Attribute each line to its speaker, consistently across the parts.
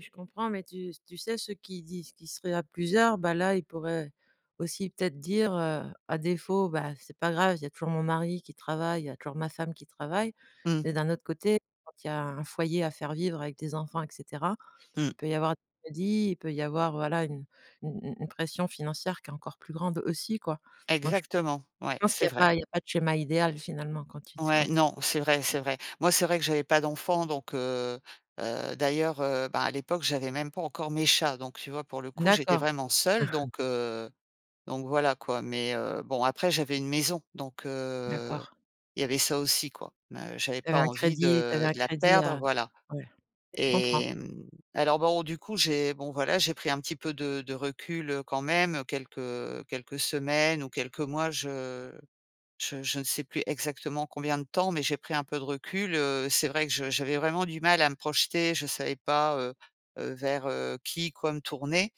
Speaker 1: Je comprends mais tu tu sais, ceux qui disent qui seraient à plusieurs, bah là, ils pourraient aussi peut-être dire, heu: «À défaut, bah c'est pas grave, il y a toujours mon mari qui travaille, il y a toujours ma femme qui travaille»
Speaker 2: Mmh.
Speaker 1: mais d'un autre côté, quand il y a un foyer à faire vivre avec des enfants et cetera.
Speaker 2: Mmh.
Speaker 1: Il peut y avoir des crédits, il peut y avoir, voilà, une u u une pression financière qui est encore plus grande aussi quoi. Moi je
Speaker 2: Exactement,
Speaker 1: je
Speaker 2: ouais,
Speaker 1: pense qu'il
Speaker 2: c'est
Speaker 1: y a
Speaker 2: vrai.
Speaker 1: pas il y a pas de schéma idéal finalement quand tu te quand
Speaker 2: Ouais,
Speaker 1: tu te
Speaker 2: non, c'est vrai, c'est
Speaker 1: [unintelligible]
Speaker 2: vrai. Moi, c'est vrai que j'avais pas d'enfants donc heu heu, d'ailleurs, heu, bah à l'époque, j'avais même pas encore mes chats. Donc tu vois, pour le coup, j'étais
Speaker 1: D'accord.
Speaker 2: vraiment seule donc heu, donc voilà quoi. Mais heu, bon, après j'avais une maison donc heu,
Speaker 1: D'accord.
Speaker 2: il y avait ça aussi quoi. M heu, j'avais
Speaker 1: Tu avais
Speaker 2: pas
Speaker 1: un
Speaker 2: envie
Speaker 1: crédit tu avais
Speaker 2: de
Speaker 1: un
Speaker 2: de la
Speaker 1: crédit
Speaker 2: perdre,
Speaker 1: à
Speaker 2: voilà
Speaker 1: ouais, je comprends.
Speaker 2: et mmh, alors bon du coup, j'ai bon voilà j'ai pris un petit peu de de recul, heu, quand même quelques quelques semaines ou quelques mois. Je je je ne sais plus exactement combien de temps mais j'ai pris un peu de recul, heu, c'est vrai que je j'avais vraiment du mal à me projeter. Je savais pas, heu heu, vers, heu, qui, quoi, me tourner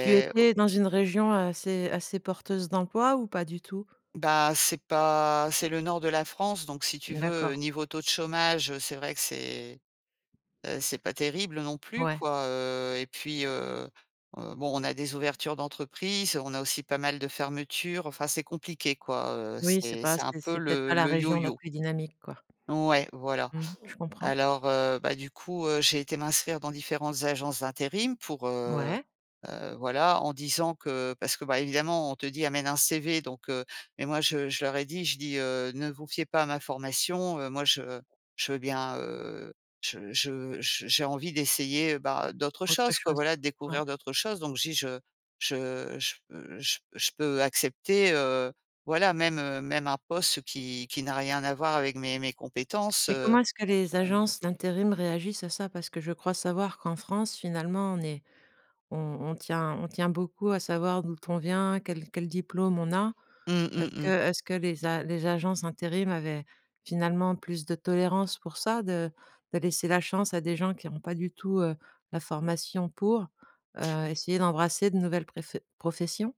Speaker 1: Tu
Speaker 2: o
Speaker 1: étais dans une région assez assez porteuse d'emploi ou pas du tout?
Speaker 2: Bah, c'est pas c'est le nord de la France donc si tu veux,
Speaker 1: D'accord.
Speaker 2: niveau taux de chômage, heu, c'est vrai que c'est, heu, c'est pas terrible non plus
Speaker 1: Ouais.
Speaker 2: quoi, heu et puis heu heu, bon on a des ouvertures d'entreprises, on a aussi pas mal de fermetures. Enfin, c'est compliqué quoi, heu,
Speaker 1: Oui c'est
Speaker 2: c'est
Speaker 1: pas
Speaker 2: c'est un
Speaker 1: c'est
Speaker 2: peu
Speaker 1: c'est peut-être pas
Speaker 2: le
Speaker 1: la
Speaker 2: le
Speaker 1: région la
Speaker 2: yo-yo.
Speaker 1: plus dynamique, quoi.
Speaker 2: Ouais, voilà.
Speaker 1: Mmh, je comprends.
Speaker 2: Alors heu bah, du coup, heu, j'ai été m'inscrire dans différentes agences d'intérim pour, heu
Speaker 1: Ouais.
Speaker 2: heu, voilà. En disant que parce que bah, évidemment, on te dit: «Amène un CV» donc heu-mais moi je je leur ai dit, je dis, heu: «Ne vous fiez pas à ma formation, heu, moi, je je veux bien, heu, je je je j'ai envie d'essayer bah, d'autres
Speaker 1: Autre
Speaker 2: choses, quoi,
Speaker 1: chose.
Speaker 2: voilà,
Speaker 1: Ouais.
Speaker 2: découvrir d'autres choses.» donc je dis: «Je je je p je p je peux accepter, heu, voilà, même, heu, même un poste qui qui n'a rien à voir avec mes mes compétences,
Speaker 1: Mais
Speaker 2: heu,
Speaker 1: comment est-ce que les
Speaker 2: hem».
Speaker 1: agences d'intérim réagissent à ça? Parce que je crois savoir qu'en France, finalement, on est on on tient on tient beaucoup à savoir d'où on vient, quel quel diplôme on a.
Speaker 2: Mmh,
Speaker 1: Est
Speaker 2: mmh
Speaker 1: ce que
Speaker 2: mh.
Speaker 1: est ce que les a les agences intérim avaient finalement plus de tolérance pour ça? De de laisser la chance à des gens qui ont pas du tout, heu, la formation pour? Heu, essayer d'embrasser de nouvelles pref professions?